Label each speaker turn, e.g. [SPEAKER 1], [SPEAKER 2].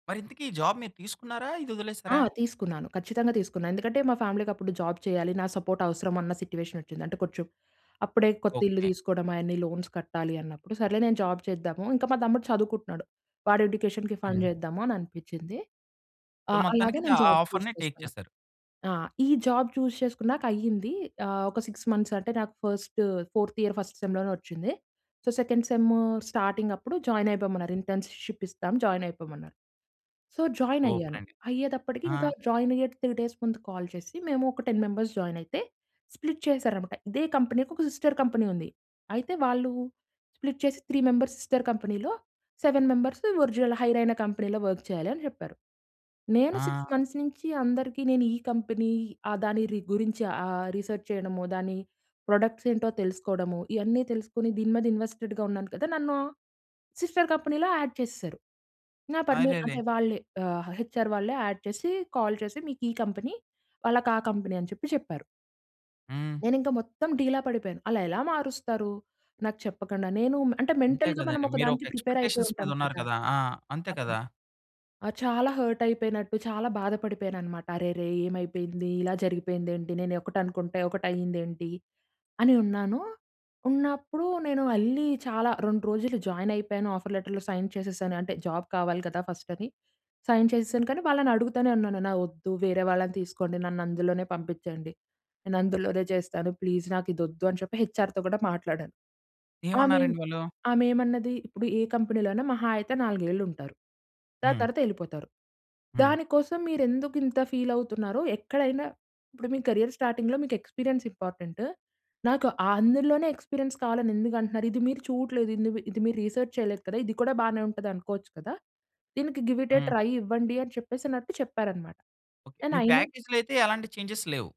[SPEAKER 1] మరి ఇంతకి ఈ జాబ్ మీరు తీసుకున్నారా? ఇది
[SPEAKER 2] ఆ!
[SPEAKER 1] వదిలేసారా?
[SPEAKER 2] తీసుకున్నాను. ఖచ్చితంగా తీసుకున్నాను. ఎందుకంటే మా ఫ్యామిలీకి అప్పుడు జాబ్ చేయాలి, నా సపోర్ట్ అవసరం అన్న సిట్యుయేషన్ వచ్చింది. అంటే కొంచెం, అప్పుడే కొత్త ఇల్లు
[SPEAKER 1] ఓకే.
[SPEAKER 2] తీసుకోవడం, అయన్నీ లోన్స్ కట్టాలి అన్నప్పుడు, సర్లే నేను జాబ్ చేద్దాము ఇంకా మా తమ్ముడు చదువుకుంటున్నాడు. వాడు ఎడ్యుకేషన్‌కి ఫండ్
[SPEAKER 1] హ్మ్.
[SPEAKER 2] చేద్దామని అనిపించింది. ఆ!
[SPEAKER 1] సో
[SPEAKER 2] అలాగే
[SPEAKER 1] మొత్తానికైతే
[SPEAKER 2] నేను
[SPEAKER 1] ఆ
[SPEAKER 2] జాబ్ చూస్
[SPEAKER 1] ఆఫర్‌ని టేక్
[SPEAKER 2] చేసుకున్నా.
[SPEAKER 1] చేసారు.
[SPEAKER 2] ఆ! ఈ జాబ్ చూస్ చేసుకున్నాకాయ్యింది. ఆహ్, ఒక 6 మంత్స్ అంటే నాకు ఫస్టు, ఫోర్త్ ఇయర్ ఫస్ట్ సెమ్‌లోనే వచ్చింది. సో సెకండ్ సెము స్టార్టింగప్పుడు జాయినైపోమన్నారు. ఇంటర్న్‌షిప్ ఇస్తాం జాయినైపోమన్నారు. So
[SPEAKER 1] super
[SPEAKER 2] జాయినైయ్యాను.
[SPEAKER 1] అండి.
[SPEAKER 2] అయ్యేటప్పటికి ఇంకా
[SPEAKER 1] ఆ!
[SPEAKER 2] జాయినైయ్యే 3 డేస్ ముందు కాల్ చేసి మేము ఒక 10 మెంబర్స్ జాయినైతే స్ప్లిట్ చేసారాన్నమాట. ఇదే కంపెనీకి ఒక సిస్టర్ కంపెనీ ఉంది. అయితే వాళ్ళు స్ప్లిట్ చేసి "3 మెంబర్స్ సిస్టర్ కంపెనీలో, 7 మెంబరస్సు ఒరిజినల్ హైరైన కంపెనీలో వర్క్ చేయాలని" చెప్పారు. నేను 6
[SPEAKER 1] ఆ!
[SPEAKER 2] మంత్స్ నుంచి అందరికి నేను ఈ కంపెనీ ఆ దాని రి గురించి ఆహ్, రిసర్చ్ చేయడము, దాని ప్రొడక్ట్స్ ఏంటో తెలుసుకోవడము, ఇయన్నీ తెలుసుకొని దీని మీద ఇన్వెస్టెడ్‌గా ఉన్నాను కదా! నన్ను సిస్టర్ కంపెనీలో యాడ్ చేసేసారు. నా పర్మి
[SPEAKER 1] అరెరే!
[SPEAKER 2] అంటే వాళ్ళే ఆహ్, హెచ్ఆర్ వాళ్ళే యాడ్ చేసి కాల్ చేసి "మీకు ఈ కంపెనీ", వాళ్ళకి ఆ కంపెనీ", అని చెప్పి చెప్పారు.
[SPEAKER 1] హ్మ్.
[SPEAKER 2] నేనింకా మొత్తం డీలా పడిపోయాను. అలా ఎలా మారుస్తారు? నాకు చెప్పకుండా? నేను అంటే
[SPEAKER 1] అంతే
[SPEAKER 2] మెంటల్‌‌గా మనం
[SPEAKER 1] కదండీ!
[SPEAKER 2] ఒక
[SPEAKER 1] మీరు ఒక
[SPEAKER 2] దానికి ప్రిపేర్ అయిపోయి
[SPEAKER 1] ఎక్స్‌పెక్టేషన్స్ మీద
[SPEAKER 2] ఉంటాం
[SPEAKER 1] ఉన్నారు
[SPEAKER 2] కదా
[SPEAKER 1] కదా! ఆ! అంతే
[SPEAKER 2] అవును.
[SPEAKER 1] కదా!
[SPEAKER 2] ఆ! చాలా హర్ట్ అయిపోయినట్టు, చాలా బాధపడిపోయాను అన్నమాట. "అరెరే ఏమైపోయింది? ఇలా జరిగిపోయిందేంటి? నేను ఒకటి అనుకుంటే ఒకటి అయిందేంటి?" అని ఉన్నాను, ఉన్నప్పుడు నేను ఎళ్లి చాలా 2 రోజులు జాయినైపోయాను. ఆఫర్ లెటర్‌లో సైన్ చేసేసాను, అంటే జాబ్ కావాలి కదా! ఫస్ట్ అది సైన్ చేసేసాను. కానీ వాళ్ళని అడుగుతూనే ఉన్నాను "నా వద్దు వేరే వాళ్ళని తీసుకోండి. నన్ను అందులోనే పంపించండి. నేను అందులోనే చేస్తాను ప్లీజ్ నాకు ఇది ఒద్దు", అని చెప్పి హెచ్ఆర్‌తో కూడా మాట్లాడాను. ఆమెమ్
[SPEAKER 1] ఏమన్నారండి వాళ్ళు?
[SPEAKER 2] ఆమె‌మన్నది "ఇప్పుడు ఏ కంపెనీలోనైనా మహా అయితే నాలుగేలుంటారు. దాని
[SPEAKER 1] హ్మ్.
[SPEAKER 2] తర్వాత ఎళ్ళిపోతారు!
[SPEAKER 1] హ్మ్.
[SPEAKER 2] దానికోసం మీరు ఎందుకు ఇంత ఫీలావుతున్నారో? ఎక్కడైనా ఇప్పుడు మీ కేరియర్ స్టార్టింగ్‌లో మీకు ఎక్స్‌పి‌రియన్స్ ఇంపార్టెంటు. నాకు అందులోనే ఎక్స్‌పి‌రియన్స్ కావాలని ఎందుకు అంటున్నారు? ఇది మీరు చూడట్లేదు. ఇందుమీ ఇది మీరు రిసర్చ్ చేయలేదు కదా? ఇది కూడా బానే ఉంటది అనుకోవచ్చు కదా! దీనికి గివ్ ఇట్ ఎ
[SPEAKER 1] హ్మ్.
[SPEAKER 2] ట్రై ఇవ్వండి", అని చెప్పేసినట్టు చెప్పారు అన్నమాట.
[SPEAKER 1] ఓకే.
[SPEAKER 2] అన్
[SPEAKER 1] మీ
[SPEAKER 2] అయినా
[SPEAKER 1] ప్యాకేజ్‌లో అయితే ఎలాంటి చేంజేస్ లేవు?